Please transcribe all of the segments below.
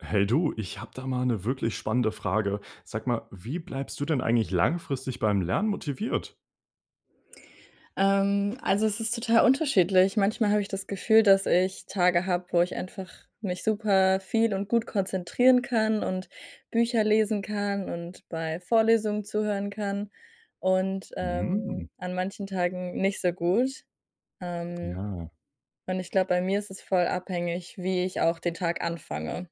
Hey du, ich habe da mal 'ne wirklich spannende Frage. Sag mal, wie bleibst du denn eigentlich langfristig beim Lernen motiviert? Ähm, also, es ist total unterschiedlich. Manchmal habe ich das Gefühl, dass ich Tage habe, wo ich einfach mich super viel und gut konzentrieren kann und Bücher lesen kann und bei Vorlesungen zuhören kann und, ähm, Mhm. an manchen Tagen nicht so gut. Ähm, Ja. und ich glaube, bei mir ist es voll abhängig, wie ich auch den Tag anfange.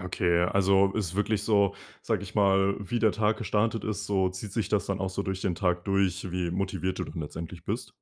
Okay. Also, es ist wirklich so, sage ich mal, wie der Tag gestartet ist, so zieht sich das dann auch so durch den Tag durch, wie motiviert du dann letztendlich bist?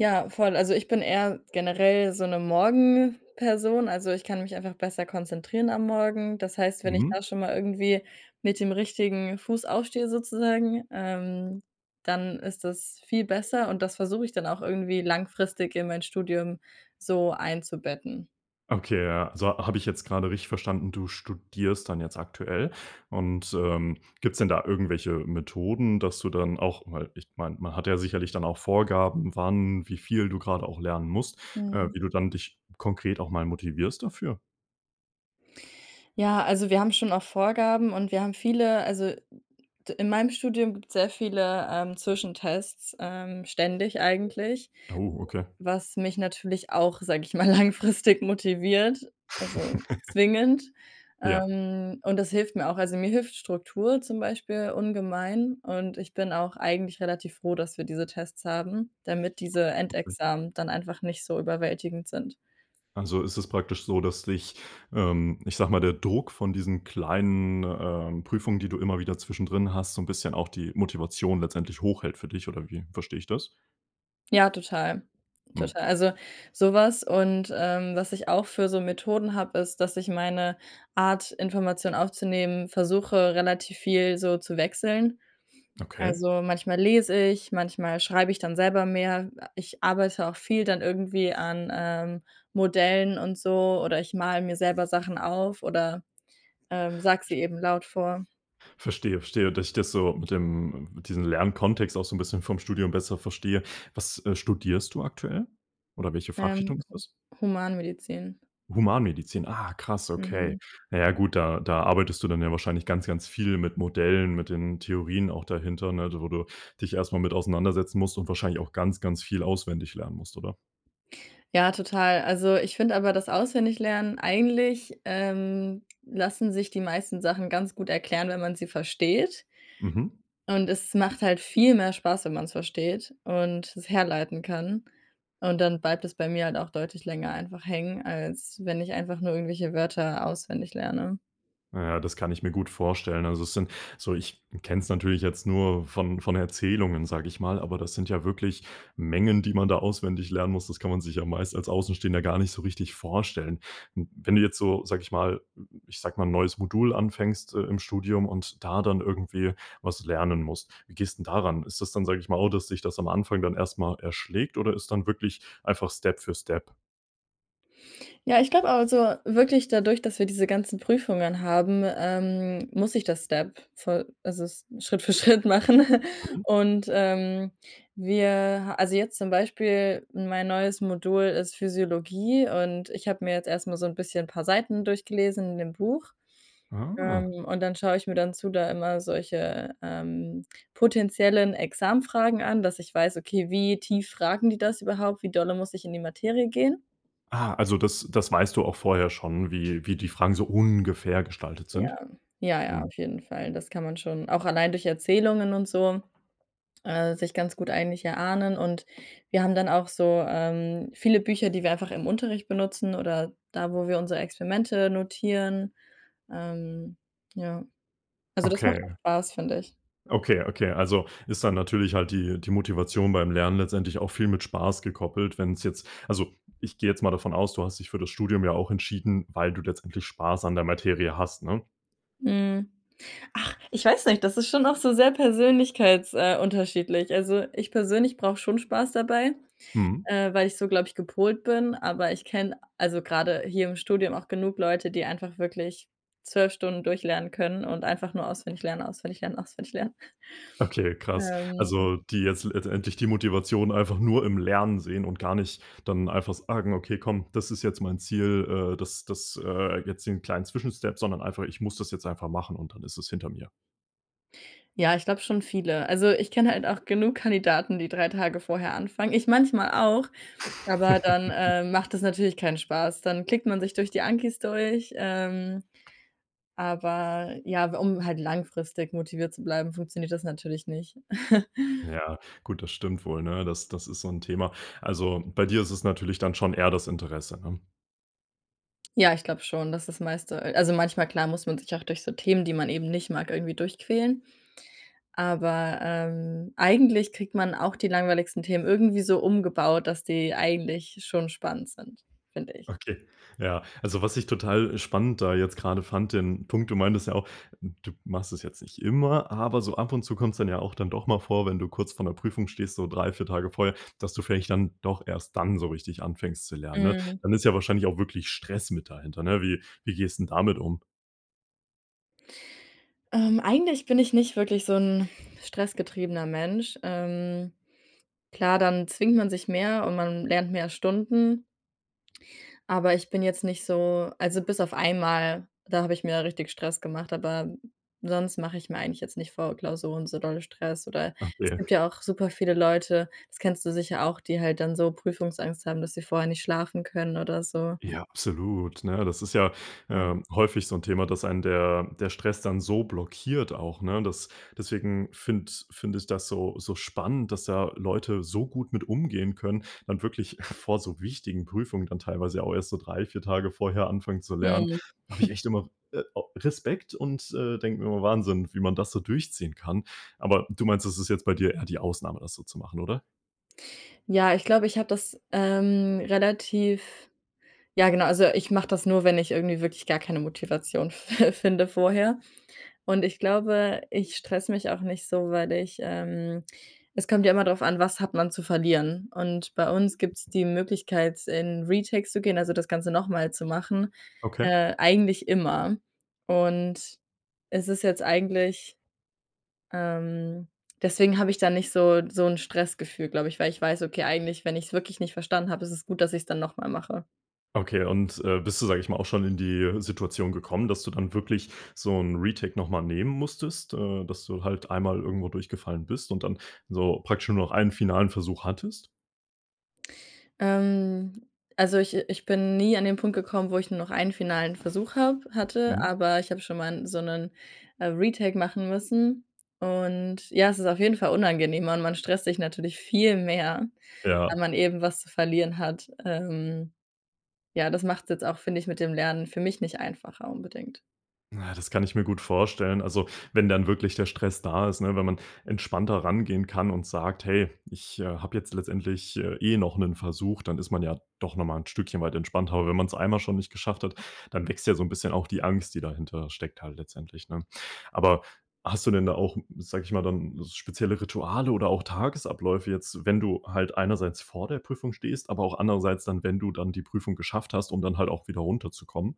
Ja, voll. Also, ich bin eher generell so 'ne Morgenperson. Also, ich kann mich einfach besser konzentrieren am Morgen. Das heißt, wenn ich Mhm. da schon mal irgendwie mit dem richtigen Fuß aufstehe, sozusagen, ähm, dann ist das viel besser und das versuche ich dann auch irgendwie langfristig in mein Studium so einzubetten. Okay. Ja, so habe ich jetzt gerade richtig verstanden, du studierst dann jetzt aktuell? Und, ähm, gibt's denn da irgendwelche Methoden, dass du dann auch mal ich meine, man hat ja sicherlich dann auch Vorgaben, wann, wie viel du gerade auch lernen musst, äh, Mhm. wie du dann dich konkret auch mal motivierst dafür? Ja, also, wir haben schon auch Vorgaben und wir haben viele, also d in meinem Studium gibt es sehr viele, ähm, Zwischentests, ähm, ständig eigentlich, Oh, okay. was mich natürlich auch, sage ich mal, langfristig motiviert, also, zwingend. Ja. Ähm, und das hilft mir auch. Also, mir hilft Struktur zum Beispiel ungemein, und ich bin auch eigentlich relativ froh, dass wir diese Tests haben, damit diese Okay. Endexamen dann einfach nicht so überwältigend sind. Also, ist es praktisch so, dass dich, ähm, ich sage mal, der Druck von diesen kleinen, ähm, Prüfungen, die du immer wieder zwischendrin hast, so 'n bisschen auch die Motivation letztendlich hochhält für dich, oder wie verstehe ich das? Ja, total, Mhm. total. Also, sowas und, ähm, was ich auch für so Methoden habe, ist, dass ich meine Art Information aufzunehmen, versuche, relativ viel so zu wechseln. Okay. Also, manchmal lese ich, manchmal schreibe ich dann selber mehr. Ich arbeite auch viel dann irgendwie an, ähm, Modellen und so, oder ich male mir selber Sachen auf oder, ähm, sage sie eben laut vor. Verstehe, verstehe, dass ich das so mit dem mit diesen Lernkontext auch so 'n bisschen vom Studium besser verstehe. Was, äh, studierst du aktuell? Oder welche Fachrichtung Ähm, ist das? Humanmedizin. Humanmedizin, ah, krass. Mhm. Okay. Na ja, gut, da da arbeitest du dann ja wahrscheinlich ganz, ganz viel mit Modellen, mit den Theorien auch dahinter, ne? Wo du dich erst mal mit auseinandersetzen musst und wahrscheinlich auch ganz, ganz viel auswendig lernen musst, oder? Ja, total. Also, ich finde aber das Auswendiglernen eigentlich, ähm, lassen sich die meisten Sachen ganz gut erklären, wenn man sie versteht. Mhm. Und es macht halt viel mehr Spaß, wenn man's versteht und es herleiten kann. Und dann bleibt es bei mir halt auch deutlich länger einfach hängen, als wenn ich einfach nur irgendwelche Wörter auswendig lerne. Na ja, das kann ich mir gut vorstellen. Also, es sind so ich kenne es natürlich jetzt nur von von Erzählungen, sage ich mal. Aber das sind ja wirklich Mengen, die man da auswendig lernen muss, das kann man sich ja meist als Außenstehender gar nicht so richtig vorstellen. Hm, wenn du jetzt so, sage ich mal ich sage mal, 'n neues Modul anfängst, äh, im Studium und da dann irgendwie was lernen musst. Wie gehst denn da ran? Ist das dann, sage ich mal, oh, dass dich das am Anfang dann erstmal erschlägt, oder ist dann wirklich einfach Step für Step? Ja, ich glaube also, wirklich dadurch, dass wir diese ganzen Prüfungen haben, ähm, muss ich das Step voll also, S Schritt für Schritt machen Mhm. und, ähm, wir also, jetzt zum Beispiel mein neues Modul ist Physiologie und ich habe mir jetzt erstmal so 'n bisschen 'n paar Seiten durchgelesen in dem Buch, Ah. ähm, und dann schaue ich mir dann zu da immer solche, ähm, potenziellen Examfragen an, dass ich weiß, okay: „Wie tief fragen die das überhaupt, wie dolle muss ich in die Materie gehen?“ Ah, also, das das weißt du auch vorher schon, wie wie die Fragen so ungefähr gestaltet Ja, sind? ja, ja, Mhm. auf jeden Fall. Das kann man schon auch allein durch Erzählungen und so, äh, sich ganz gut eigentlich erahnen und wir haben dann auch so, ähm, viele Bücher, die wir einfach im Unterricht benutzen, oder da, wo wir unsere Experimente notieren. Ähm, ja. Also, das macht auch Okay. spaß, finde ich. Okay, okay. Also, ist dann natürlich halt die die Motivation beim Lernen letztendlich auch viel mit Spaß gekoppelt. Wenn's jetzt also, ich gehe jetzt mal davon aus. Du hast dich für das Studium ja auch entschieden, weil du letztendlich spaß an der Materie hast, ne? Mhm. Ach, ich weiß nicht, das ist schon auch so sehr persönlichkeits äh, unterschiedlich. Also, ich persönlich brauche schon Spaß dabei. Mhm. Äh, weil ich so glaube ich gepolt bin, aber ich kenne, also, gerade hier im Studium auch genug Leute, die einfach wirklich 12 Stunden durchlernen können und einfach nur auswendig lernen, auswendig lernen, auswendig lernen. Okay, krass. Ähm Also, die jetzt l letztendlich die Motivation einfach nur im Lernen sehen und gar nicht dann einfach a sagen: „Okay, komm, das ist jetzt mein Ziel.“ Äh, das das, äh, jetzt den kleinen Zwischenstep, sondern einfach, „Ich muss das jetzt einfach machen und dann ist es hinter mir.“ Ja, ich glaube schon viele. Also, ich kenne halt auch genug Kandidaten, die 3 Tage vorher anfangen. Ich manchmal auch, aber dann, äh, macht das natürlich keinen Spaß. Dann klickt man sich durch die Ankis durch, ähm, aber ja, um halt langfristig motiviert zu bleiben, funktioniert das natürlich nicht. Ja, gut. Das stimmt wohl, ne? Das das ist so 'n Thema. Also, bei dir ist es natürlich dann schon eher das Interesse, ne? Ja, ich glaube schon, dass das meiste also, manchmal klar muss man sich auch durch so Themen, die man eben nicht mag, irgendwie durchquälen. Aber, ähm, eigentlich kriegt man auch die langweiligsten Themen irgendwie so umgebaut, dass die eigentlich schon spannend sind, finde ich. Okay. Ja, also, was ich total spannend da jetzt gerade fand, den Punkt. Du meintest ja auch, d du machst das jetzt nicht immer. Aber so ab und zu kommt's dann ja auch dann doch mal vor, wenn du kurz vor 'ner Prüfung stehst, so 3, 4 Tage vorher, dass du vielleicht dann doch erst dann so richtig anfängst zu lernen, ne? Mhm. Dann ist ja wahrscheinlich auch wirklich Stress mit dahinter, ne? Wie wie gehst 'n damit um? Ähm, eigentlich bin ich nicht wirklich so 'n stressgetriebener Mensch. Ähm, klar, dann zwingt man sich mehr und man lernt mehr Stunden. Aber ich bin jetzt nicht so also, bis auf einmal, da habe ich mir richtig Stress gemacht, aber sonst mache ich mir eigentlich jetzt nicht vor Klausuren so dolle Stress oder es Okay. gibt ja auch super viele Leute, das kennst du sicher auch, die halt dann so Prüfungsangst haben, dass sie vorher nicht schlafen können oder so. Ja, absolut, ne? Das ist ja, Ja. äh, häufig so 'n Thema, dass einen der der Stress dann so blockiert auch, ne? Das deswegen finde finde ich das so so spannend, dass da Leute so gut mit umgehen können, dann wirklich vor so wichtigen Prüfungen dann teilweise auch erst so 3, 4 Tage vorher anfangen zu lernen. Mhm. Habe ich echt immer, äh, au Respekt und, äh, denke mir immer: „Wahnsinn, wie man das so durchziehen kann.“ Aber du meinst, das ist jetzt bei dir eher die Ausnahme, das so zu machen, oder? Ja, ich glaube, ich habe das, ähm, relativ ja genau, also, ich mache das nur, wenn ich irgendwie wirklich gar keine Motivation f finde vorher. Und ich glaube, ich stresse mich auch nicht so, weil ich, ähm es kommt ja immer drauf an: Was hat man zu verlieren. Und bei uns gibt es die Möglichkeit in Retakes zu gehen, also das Ganze nochmal zu machen, Okay. äh, eigentlich immer. Und, es ist jetzt eigentlich, ähm deswegen habe ich da nicht so so 'n Stressgefühl, glaube ich, weil ich weiß, okay, eigentlich, wenn ich es wirklich nicht verstanden habe, ist es gut, dass ich es dann nochmal mache. Okay und, äh, bist du, sage ich mal, auch schon in die Situation gekommen, dass du dann wirklich so 'n Retake nochmal nehmen musstest, äh, dass du halt einmal irgendwo durchgefallen bist und dann so praktisch nur noch einen finalen Versuch hattest. Ähm, also ich äh, ich bin nie an den Punkt gekommen, wo ich nur noch einen finalen Versuch habe hatte, Mhm. aber ich habe schon mal so 'nen, äh, Retake machen müssen. Und, ja, es ist auf jeden Fall unangenehmer. Man man stresst sich natürlich viel mehr, Ja. weil man eben was zu verlieren hat, ähm, ja, das machts jetzt auch, finde ich, mit dem Lernen, für mich, nicht einfacher, unbedingt. Na, das kann ich mir gut vorstellen, also, wenn dann wirklich der Stress da ist, ne, wenn man entspannter rangehen kann und sagt: „Hey, ich, äh, habe jetzt letztendlich eh noch 'nen Versuch.“ Dann ist man ja doch nochmal 'n Stückchen weit entspannter, aber wenn man es einmal schon nicht geschafft hat, dann wächst ja so 'n bisschen auch die Angst, die dahinter steckt halt letztendlich, ne? Aber hast du denn da auch, sage ich mal, dann s spezielle Rituale oder auch Tagesabläufe, jetzt, wenn du halt einerseits vor der Prüfung stehst, aber auch andererseits dann, wenn du dann die Prüfung geschafft hast, um dann halt auch wieder runterzukommen.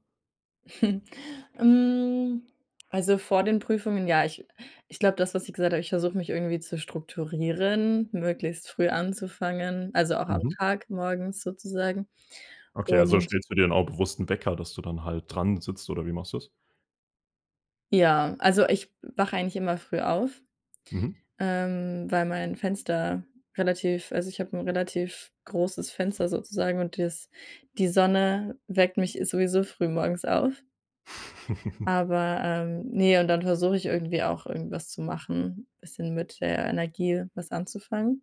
Hm, also vor den Prüfungen, ja. Ich ich glaube, das, was ich gesagt habe ich versuche mich irgendwie zu strukturieren, möglichst früh anzufangen, also auch am Mhm. Tag morgens sozusagen Okay, also und stellst du dir dann auch bewusst 'n Wecker, dass du dann halt dran sitzt, oder wie machst du das? Ja, also ich wache eigentlich immer früh auf, Mhm. ähm, weil mein Fenster relativ also, ich habe 'n relativ großes Fenster sozusagen. Und das die Sonne weckt mich sowieso früh morgens auf. Aber, ähm ne, und dann versuche ich irgendwie auch irgendwas zu machen, bisschen mit der Energie was anzufangen.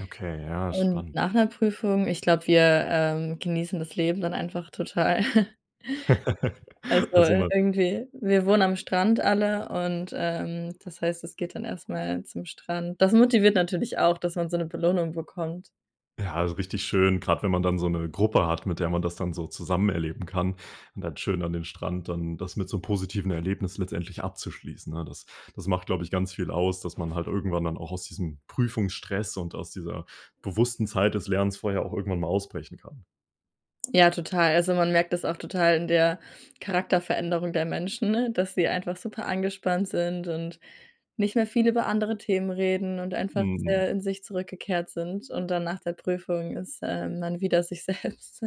Okay, ja, Und spannend. nach 'ner Prüfung, ich glaube, wir, ähm, genießen das Leben dann einfach total. Also, Also äh, mal irgendwie wir wohnen am Strand alle und, ähm, das heißt, es geht dann erstmal zum Strand. Das motiviert natürlich auch, dass man so 'ne Belohnung bekommt. Ja, so richtig schön. Grad wenn man dann so 'ne Gruppe hat, mit der man das dann so zusammen erleben kann und dann schön an den Strand, dann das mit so positiven Erlebnissen letztendlich abzuschließen, ne? Das das macht, glaube ich, ganz viel aus, dass man halt irgendwann dann auch aus diesem Prüfungsstress und aus dieser bewussten Zeit des Lernens vorher auch irgendwann mal ausbrechen kann. Ja, total. Also, man merkt das auch total in der Charakterveränderung der Menschen, dass sie einfach super angespannt sind und nicht mehr viel über andere Themen reden und einfach Mhm. sehr in sich zurückgekehrt sind. Und dann nach der Prüfung ist, ähm, man wieder sich selbst.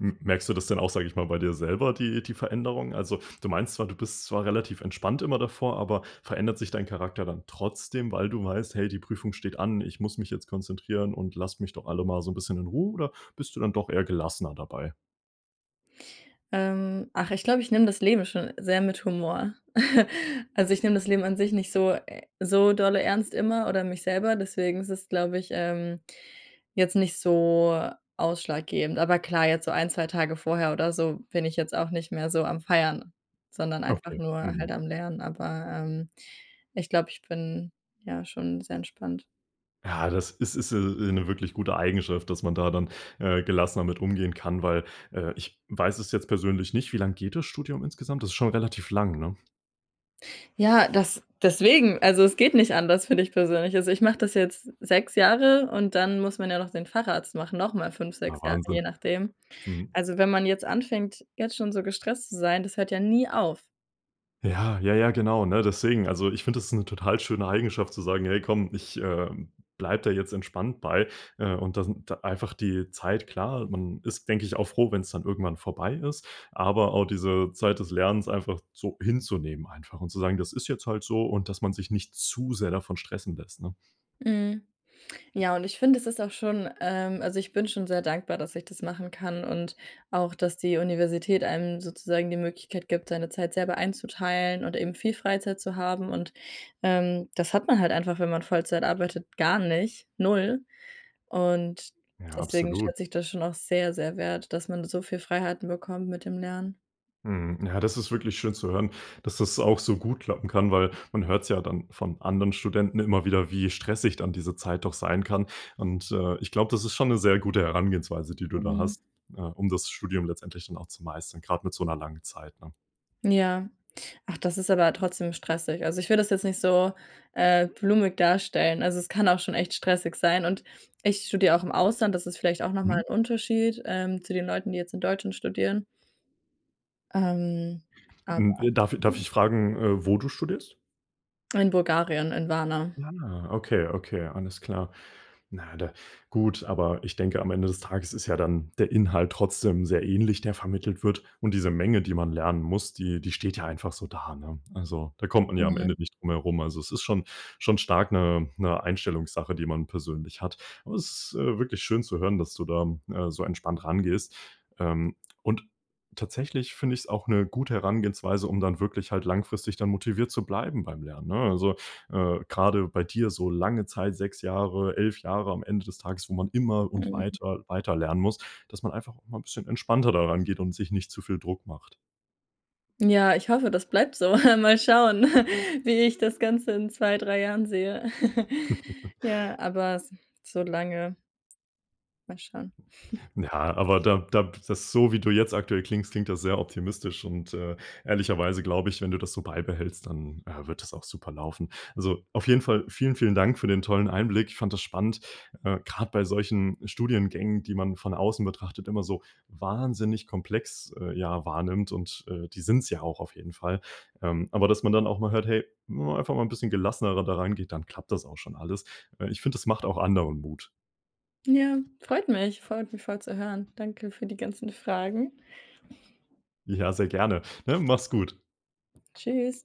M merkst du das denn auch, sage ich mal bei dir selber die die Veränderung? Also, du meinst zwar, du bist zwar relativ entspannt, immer davor, aber verändert sich dein Charakter dann trotzdem, weil du weißt: „Hey, die Prüfung steht an, ich muss mich jetzt konzentrieren und lasst mich doch alle mal so 'n bisschen in Ruhe.“ Oder bist du dann doch eher gelassener dabei? Ähm. Ach, ich glaube, ich nehme das Leben schon sehr mit Humor. Also, ich nehme das Leben an sich nicht so e so dolle ernst immer oder mich selber. Deswegen ist es, glaube ich, ähm, jetzt nicht so ausschlaggebend. Aber klar, jetzt so 1, 2 Tage vorher oder so bin ich jetzt auch nicht mehr so am feiern, sondern einfach Okay. nur Mhm. halt am Lernen, aber, ähm, ich glaube, ich bin, ja, schon sehr entspannt. Ja, das ist ist, äh, äh, 'ne wirklich gute Eigenschaft, dass man da dann, äh, gelassener mit umgehen kann, weil, äh, ich weiß es jetzt persönlich nicht, wie lange geht das Studium insgesamt? Das ist schon relativ lang, ne? Ja, das deswegen. Also, es geht nicht anders, finde ich persönlich. Also, ich mache das jetzt 6 Jahre. Und dann muss man ja noch den Facharzt machen. Nochmal 5, Ah, 6 Jahre, je Wahnsinn, nachdem. mhm. Also, wenn man jetzt anfängt, jetzt schon so gestresst zu sein, das hört ja nie auf. Ja, ja, ja, genau, ne, deswegen. Also, ich finde das ist 'ne total schöne Eigenschaft, zu sagen: „Hey, komm, ich, äh, bleibe da jetzt entspannt bei.“ Äh, und das n da einfach die Zeit klar. Man ist, denke ich auch froh, wenn es dann irgendwann vorbei ist. Aber auch diese Zeit des Lernens einfach so hinzunehmen einfach und zu sagen: „Das ist jetzt halt so,” und, dass man sich nicht zu sehr davon stressen lässt, ne? Mhm. Ja, und ich finde, das ist auch schon ähm, also, ich bin schon sehr dankbar, dass ich das machen kann. Und auch, dass die Universität einem sozusagen die Möglichkeit gibt, seine Zeit selber einzuteilen und eben viel Freizeit zu haben. Und, ähm, das hat man halt einfach, wenn man Vollzeit arbeitet, gar nicht, 0. Und Ja, deswegen absolut. schätze ich das schon auch sehr, sehr wert, dass man so viel Freiheiten bekommt mit dem Lernen. Mhm, ja, das ist wirklich schön zu hören, dass das auch so gut klappen kann, weil man hört's ja dann von anderen Studenten immer wieder, wie stressig dann diese Zeit doch sein kann. Und, äh, ich glaube, das ist schon 'ne sehr gute Herangehensweise, die du da Mhm. hast, äh, um das Studium letztendlich dann auch zu meistern, gerade mit so 'ner langen Zeit, ne? Ja. Ach, das ist aber trotzdem stressig. Also, ich will das jetzt nicht so, äh, blumig darstellen. Also, es kann auch schon echt stressig sein. Und ich studiere auch im Ausland, das ist vielleicht auch nochmal Mhm. 'n Unterschied, ähm, zu den Leuten, die jetzt in Deutschland studieren. Ähm, aber Hm, w darf darf ich fragen, äh, wo du studierst? in Bulgarien, in Warna. Ah. okay, okay. Alles klar. Na, da gut. Aber ich denke, am Ende des Tages ist ja dann der Inhalt trotzdem sehr ähnlich, der vermittelt wird. Und diese Menge, die man lernen muss, die die steht ja einfach so da, ne? Also, da kommt man ja am Mhm. Ende nicht drum herum. Also, es ist schon schon stark 'ne 'ne Einstellungssache, die man persönlich hat. Aber, das ist, äh, wirklich schön zu hören, dass du da, äh, so entspannt rangehst. Ähm, und tatsächlich finde ich es auch 'ne gute Herangehensweise, um dann wirklich halt langfristig dann motiviert zu bleiben beim Lernen, ne? Also, äh, gerade bei dir so lange Zeit 6 Jahre 11, Jahre am Ende des Tages, wo man immer und Mm. weiter weiter lernen muss, dass man einfach mal 'n bisschen entspannter daran geht und sich nicht zu viel Druck macht. Ja, ich hoffe, das bleibt so. Mal schauen, wie ich das Ganze in 2, 3 Jahren sehe. Ja, aber s so lange Mal schauen. Ja, aber da da das, so wie du jetzt aktuell klingst, klingt das sehr optimistisch und, äh, ehrlicherweise glaube ich, wenn du das so beibehältst, dann, äh, wird das auch super laufen. Also auf jeden Fall vielen, vielen Dank für den tollen Einblick. Ich fand das spannend, äh, gerade bei solchen Studiengängen, die man von außen betrachtet, immer so wahnsinnig komplex, äh, ja, wahrnimmt und, äh, die sind's ja auch auf jeden Fall. Ähm, aber dass man dann auch mal hört, hey, wenn man einfach mal 'n bisschen gelassenerer da rangeht, dann klappt das auch schon alles. Äh, ich finde, das macht auch anderen Mut. Ja, freut mich, freut mich voll zu hören. Danke für die ganzen Fragen. Ja, sehr gerne, ne? Mach's gut. Tschüss.